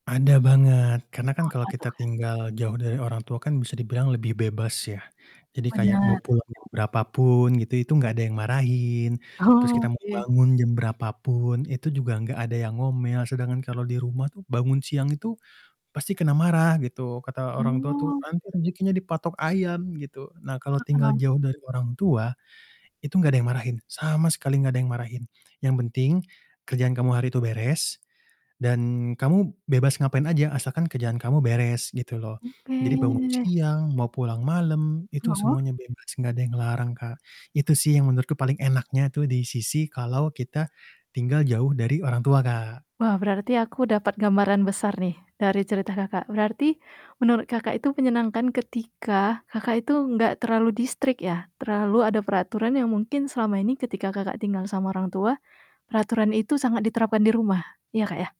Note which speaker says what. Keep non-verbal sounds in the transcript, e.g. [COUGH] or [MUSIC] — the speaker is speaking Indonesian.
Speaker 1: Ada banget karena kan
Speaker 2: Apa
Speaker 1: kalo
Speaker 2: tuh
Speaker 1: kita
Speaker 2: Kak?
Speaker 1: tinggal jauh dari orang tua kan bisa dibilang lebih bebas ya, jadi kayak mau
Speaker 2: Bener.
Speaker 1: pulang jam berapa pun gitu itu gak ada yang marahin, terus kita mau
Speaker 2: Oke.
Speaker 1: bangun jam berapa pun itu juga gak ada yang ngomel, sedangkan kalo di rumah tuh bangun siang itu, pasti kena marah gitu kata orang tua tuh,
Speaker 2: Oh.
Speaker 1: "Nanti rejekinya dipatok ayam," gitu. Nah kalo tinggal
Speaker 2: [UNINTELLIGIBLE]
Speaker 1: jauh dari orang tua, itu nggak ada yang marahin, sama sekali nggak ada yang marahin, yang penting, kerjaan kamu hari itu beres, dan kamu bebas ngapain aja asalkan kerjaan kamu beres gitu loh, jadi bangun,
Speaker 2: Oke.
Speaker 1: siang mau pulang malam itu
Speaker 2: Heeh.
Speaker 1: semuanya bebas gak ada yang ngelarang Kak, itu sih yang menurutku paling enaknya tuh di sisi kalau kita, tinggal jauh dari orang tua, Kak.
Speaker 2: Wah, berarti aku dapat gambaran besar nih dari cerita Kakak berarti, menurut Kakak itu menyenangkan ketika Kakak itu enggak terlalu di-strict ya? terlalu ada peraturan yang mungkin selama ini ketika Kakak tinggal sama orang tua, peraturan itu sangat diterapkan di rumah, iya, Kak, ya?